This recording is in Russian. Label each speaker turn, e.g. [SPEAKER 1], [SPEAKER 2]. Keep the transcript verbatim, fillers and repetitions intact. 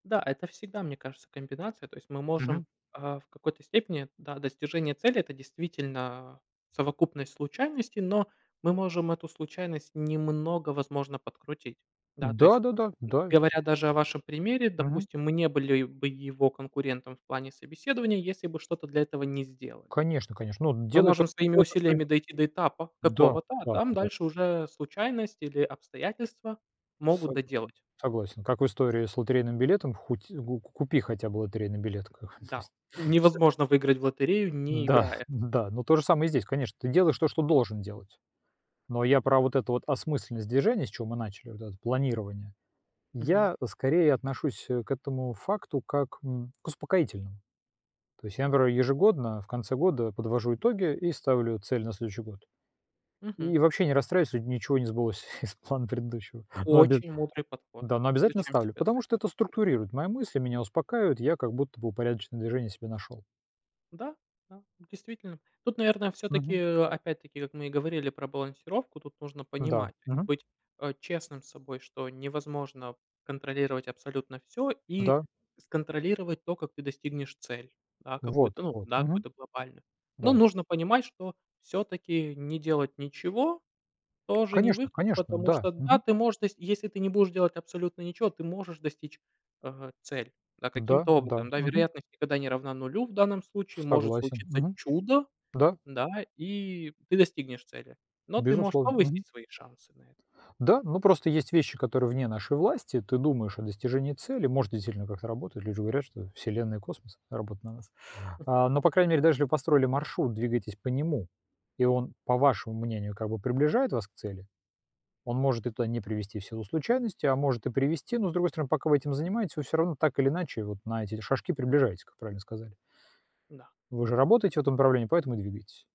[SPEAKER 1] Да, это всегда, мне кажется, комбинация. То есть мы можем,
[SPEAKER 2] Мгм.
[SPEAKER 1] а, в какой-то степени, да, достижение цели- это действительно совокупность случайностей, но мы можем эту случайность немного, возможно, подкрутить. Да, то есть,
[SPEAKER 2] Да-да-да, да.
[SPEAKER 1] говоря даже о вашем примере,
[SPEAKER 2] Мгм.
[SPEAKER 1] допустим, мы не были бы его конкурентом в плане собеседования, если бы что-то для этого не сделали.
[SPEAKER 2] Конечно конечно, ну,
[SPEAKER 1] Мы
[SPEAKER 2] делай то
[SPEAKER 1] можем своими
[SPEAKER 2] то, что
[SPEAKER 1] усилиями дойти до этапа
[SPEAKER 2] Да
[SPEAKER 1] такого-то, а
[SPEAKER 2] да
[SPEAKER 1] там
[SPEAKER 2] да.
[SPEAKER 1] дальше уже случайность или обстоятельства могут
[SPEAKER 2] Согласен
[SPEAKER 1] доделать.
[SPEAKER 2] согласен, как в истории с лотерейным билетом, хоть ку ку купи хотя бы лотерейный билет, как бы, то
[SPEAKER 1] Да,
[SPEAKER 2] есть. Всё.
[SPEAKER 1] невозможно выиграть в лотерею, не
[SPEAKER 2] Да,
[SPEAKER 1] играя.
[SPEAKER 2] н-да, ну, то же самое и здесь, конечно, ты делаешь то, что должен делать, но я про вот эту вот осмысленность движения, с чего мы начали, вот это планирование,
[SPEAKER 1] Мгм.
[SPEAKER 2] я скорее отношусь, э, к этому факту как, м, к успокоительному. То есть я, например, ежегодно в конце года подвожу итоги и ставлю цель на следующий год
[SPEAKER 1] Мгм.
[SPEAKER 2] и вообще не расстраиваюсь, если ничего не сбылось из плана предыдущего. Но обяз
[SPEAKER 1] Очень мудрый подход.
[SPEAKER 2] да, но
[SPEAKER 1] Ну,
[SPEAKER 2] обязательно
[SPEAKER 1] зачем тебе
[SPEAKER 2] ставлю,
[SPEAKER 1] знать
[SPEAKER 2] потому что
[SPEAKER 1] так?
[SPEAKER 2] это
[SPEAKER 1] [unintelligible]
[SPEAKER 2] структурирует, мои мысли меня успокаивают, я как будто бы упорядоченное движение себе нашёл.
[SPEAKER 1] Да, да, действительно. Тут, наверное, все-таки,
[SPEAKER 2] Мгм.
[SPEAKER 1] опять-таки, вот мы и говорили про балансировку, тут нужно
[SPEAKER 2] Да.
[SPEAKER 1] понимать, то есть
[SPEAKER 2] Мгм.
[SPEAKER 1] быть, э, честным с собой, что невозможно контролировать абсолютно всё и
[SPEAKER 2] Да.
[SPEAKER 1] с контролировать то, как ты достигнешь цель. Да, какую-то,
[SPEAKER 2] Вот
[SPEAKER 1] ну
[SPEAKER 2] вот.
[SPEAKER 1] да,
[SPEAKER 2] Мгм.
[SPEAKER 1] какую-то глобальную. Но
[SPEAKER 2] Да.
[SPEAKER 1] нужно понимать, что все-таки не делать ничего тоже не
[SPEAKER 2] Конечно
[SPEAKER 1] выход,
[SPEAKER 2] конечно,
[SPEAKER 1] потому
[SPEAKER 2] да.
[SPEAKER 1] что, да,
[SPEAKER 2] Мгм.
[SPEAKER 1] ты можешь т если ты не будешь делать абсолютно ничего, ты можешь достичь, э, цель, да,
[SPEAKER 2] Да
[SPEAKER 1] каким-то
[SPEAKER 2] да.
[SPEAKER 1] образом.
[SPEAKER 2] Мгм.
[SPEAKER 1] Вероятность никогда не равна нулю в данном случае. Может
[SPEAKER 2] Согласен.
[SPEAKER 1] случиться
[SPEAKER 2] Мгм.
[SPEAKER 1] чудо,
[SPEAKER 2] Да.
[SPEAKER 1] да, и ты достигнешь цели, но ты можешь
[SPEAKER 2] Безусловно. Мгм.
[SPEAKER 1] повысить свои шансы на это.
[SPEAKER 2] Да, но просто есть вещи, которые вне нашей власти. Ты думаешь о достижении цели, может, это действительно как-то работает. Люди говорят, что Вселенная и космос работают на нас, а. Но, по крайней мере, даже если вы построили маршрут, двигаетесь по нему и он, по вашему мнению, как бы приближает вас к цели. Он может и туда не привести в силу случайностей, а может и привести. Но, с другой стороны, пока вы этим занимаетесь, вы всё равно так или иначе вот на эти эти шажки приближаетесь, как правильно сказали.
[SPEAKER 1] Да.
[SPEAKER 2] Вы же работаете в этом направлении, поэтому и двигаетесь.